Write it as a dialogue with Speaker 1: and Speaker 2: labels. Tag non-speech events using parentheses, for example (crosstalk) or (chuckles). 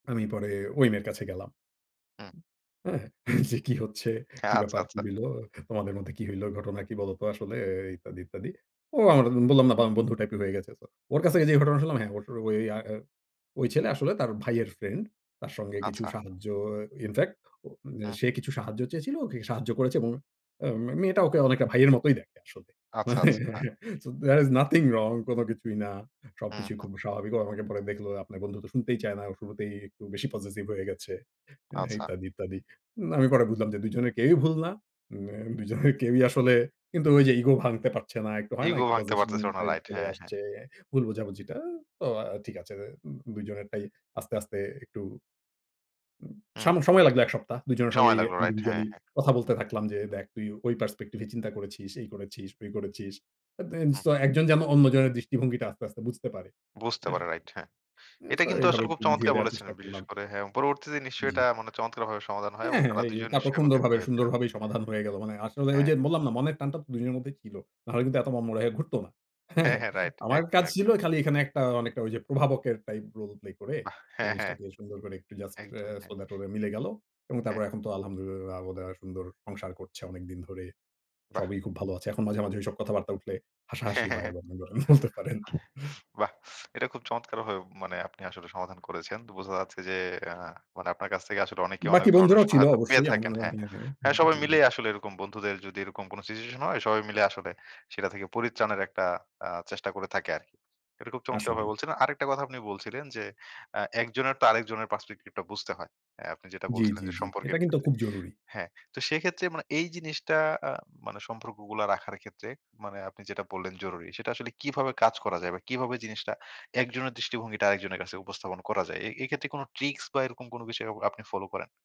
Speaker 1: আমি পরে ওই মেয়ের কাছে গেলাম।
Speaker 2: হুম।
Speaker 1: হ্যাঁ? এইযে, "কি হচ্ছে,
Speaker 2: খা
Speaker 1: কি
Speaker 2: আচ্ছা
Speaker 1: ব্যাপার, কি
Speaker 2: আচ্ছা।
Speaker 1: হইলো, তোমাদের মধ্যে কী হইলো, ঘটনা কি বলতো এ আসলে?" ইত্যাদি, ইত্যাদি। ও আমাদের বললাম না? বন্ধু টাইপ এর হয়ে গেছে। সো, ওর কাছ থেকে যে ঘটনা শুনলাম। হ্যাঁ, ও ওই, আ ওই ছেলে আসলে তার ভাইয়ের ফ্রেন্ড। তার সঙ্গে কিছু
Speaker 2: আচ্ছা।
Speaker 1: সাহায্য, ইনফেক্ট
Speaker 2: হু,
Speaker 1: সে
Speaker 2: হু।
Speaker 1: কিছু সাহায্য চেয়েছিল, ওকে সাহায্য করেছে এবং আ মেয়েটা ওকে অনেকটা ভাইয়ের মতোই দেখে আসলে।
Speaker 2: আচ্ছা,
Speaker 1: মানে
Speaker 2: আচ্ছা। হ্যাঁ।
Speaker 1: (chuckles) So, there is nothing wrong. কোন কিছুই না।
Speaker 2: হুম,
Speaker 1: সবকিছুই
Speaker 2: হুম।
Speaker 1: খুব স্বাভাবিক। ও আমাকে পরে দেখল, "আপনার বন্ধু তো শুনতেই চায় না। ও শুরুতেই একটু বেশি পজেসিভ হয়ে গেছে।" হ্যাঁ,
Speaker 2: আচ্ছা।
Speaker 1: ইত্যাদি, ইত্যাদি। না, আমি পরে বুঝলাম যে, ২ জনের কেউই ভুল না। উন্যা ২ জনের কেউই আসলে, কিন্তু ওই যে ইগো ভাঙতে পারছে না। একটু হয় না?
Speaker 2: ইগো
Speaker 1: একটু
Speaker 2: ভাঙতে
Speaker 1: পজেশন
Speaker 2: পারতেছিল না।
Speaker 1: Type
Speaker 2: right.
Speaker 1: চলে
Speaker 2: হ্যাঁ, হ্যাঁ।
Speaker 1: আসছে। ভুল বোঝাবুঝিটা, তো ঠিক আছে। এ ২ জনেরটাই আস্তে আস্তে একটু উম
Speaker 2: হুম,
Speaker 1: সাম
Speaker 2: হু।
Speaker 1: সময় লাগলো ১ সপ্তাহ। ২ জনের সঙ্গে
Speaker 2: সময় লাগলো, রাইট। হ্যাঁ,
Speaker 1: ইন্ডিভিজুয়ালি
Speaker 2: হ্যাঁ।
Speaker 1: কথা বলতে থাকলাম যে, "দেখ তুই ঐ পার্সপেক্টিভ এ চিন্তা করেছিস, এই করেছিস, ওই করেছিস।" এত এ
Speaker 2: হুম।
Speaker 1: সো, একজন যেন অন্যজনের দৃষ্টিভঙ্গিটা আস্তে, আস্তে বুঝতে পারে।
Speaker 2: বুঝতে
Speaker 1: হ্যাঁ?
Speaker 2: পারে রাইট। হ্যাঁ।
Speaker 1: এ
Speaker 2: এটা
Speaker 1: সো
Speaker 2: কিন্তু
Speaker 1: এভাবে
Speaker 2: আসলে খুব
Speaker 1: একটু বুঝিয়ে
Speaker 2: চমৎকার
Speaker 1: দেওয়ার
Speaker 2: বলেছেন।
Speaker 1: চেষ্টা
Speaker 2: বিশেষ
Speaker 1: করলাম।
Speaker 2: করে হ্যাঁ, পরবর্তীতে নিশ্চয়ই
Speaker 1: জ্বি।
Speaker 2: এটা মনে চমৎকারভাবে সমাধান হয় এবং
Speaker 1: হ্যাঁ, হ্যাঁ।
Speaker 2: তারা
Speaker 1: এই
Speaker 2: ২ জন
Speaker 1: তারপর
Speaker 2: নিশ্চয়ই একত্রিত
Speaker 1: কুন্দরভাবে
Speaker 2: হয়েছিলেন
Speaker 1: সুন্দরভাবেই সমাধান হয়ে গেল। মানে আসলে ওই
Speaker 2: হ্যাঁ।
Speaker 1: যে বললাম না? মনের টানটা তো ২ জনের মধ্যেই ছিল। নাহলে কিন্তু এত মনমরা হয়ে ঘুরত না। হ্যাঁ,
Speaker 2: হ্যাঁ,
Speaker 1: হ্যাঁ?
Speaker 2: হ্যাঁ, রাইট।
Speaker 1: আমার
Speaker 2: একদম,
Speaker 1: কাজ ছিল,
Speaker 2: একদম।
Speaker 1: খালি এখানে একটা অনেকটা ওই যে, প্রভাবকের টাইপ রোল প্লে করে,
Speaker 2: বাহ! হ্যাঁ, হ্যাঁ।
Speaker 1: জিনিসটাকে সুন্দর করে একটু জাস্ট এ
Speaker 2: একদম।
Speaker 1: সো
Speaker 2: হ্যাঁ।
Speaker 1: দ্যাট, ওদের মিলে গেলো। এবং
Speaker 2: হ্যাঁ।
Speaker 1: তারপরে এখন তো আলহামদুলিল্লাহয ওদের আর সুন্দর সংসার করছে অনেকদিন ধরে।
Speaker 2: বাহ!
Speaker 1: সবই খুব ভালো আছে। এখন মাঝে, মাঝে ঐসব কথাবার্তা উঠলে,
Speaker 2: হ্যাঁ,
Speaker 1: হাসাহাসি
Speaker 2: হ্যাঁ,
Speaker 1: হয়
Speaker 2: হ্যাঁ।
Speaker 1: এবং বলতে পারেন। (chuckles)
Speaker 2: বাহ! এটা খুব চমৎকার ভাবে মানে, আপনি আসলে সমাধান করেছেন। বোঝা যাচ্ছে যে, আ মানে আপনার কাছ থেকে আসলে অনেকেই, অনেক
Speaker 1: বাকি
Speaker 2: ধরনের
Speaker 1: বন্ধুরাও ছিল
Speaker 2: সহায়তা পেয়ে
Speaker 1: অবশ্যই, আমার
Speaker 2: থাকেন। হ্যাঁ। হ্যাঁ,
Speaker 1: (unintelligible)
Speaker 2: সবাই
Speaker 1: জি, জি।
Speaker 2: মিলেই আসলে এরকম বন্ধুদের যদি, এরকম কোন সিচুয়েশন হয়? সবাই মিলে আসলে, সেটা থেকে পরিত্রাণের একটা আ চেষ্টা করে থাকে আরকি। এটা খুব চমৎকার ভাবে
Speaker 1: আসলেই।
Speaker 2: বলছিলেন। আরেকটা কথা আপনি বলছিলেন যে, আ একজনের তো আরেকজনের পার্সপেক্টিভ টা বুঝতে হয়। অ্যা আপনি যেটা
Speaker 1: জ্বী,
Speaker 2: বলছিলেন
Speaker 1: জ্বী,
Speaker 2: যে,
Speaker 1: জ্বী।
Speaker 2: সম্পর্কের
Speaker 1: এটা কিন্তু
Speaker 2: ক্ষেত্রে।
Speaker 1: খুব জরুরি।
Speaker 2: হ্যাঁ, তো সেক্ষেত্রে মানে এই জিনিসটা আ মানে, সম্পর্কগুলা রাখার ক্ষেত্রে, মানে আপনি যেটা বললেন জরুরি; সেটা আসলে কিভাবে কাজ করা যায় বা কিভাবে জিনিসটা একজনের দৃষ্টিভঙ্গিটা, আরেকজনের কাছে উপস্থাপন করা যায়? এ এক্ষেত্রে কোন ট্রিকস বা এরকম কোন বিষয় অ আপনি ফলো করেন?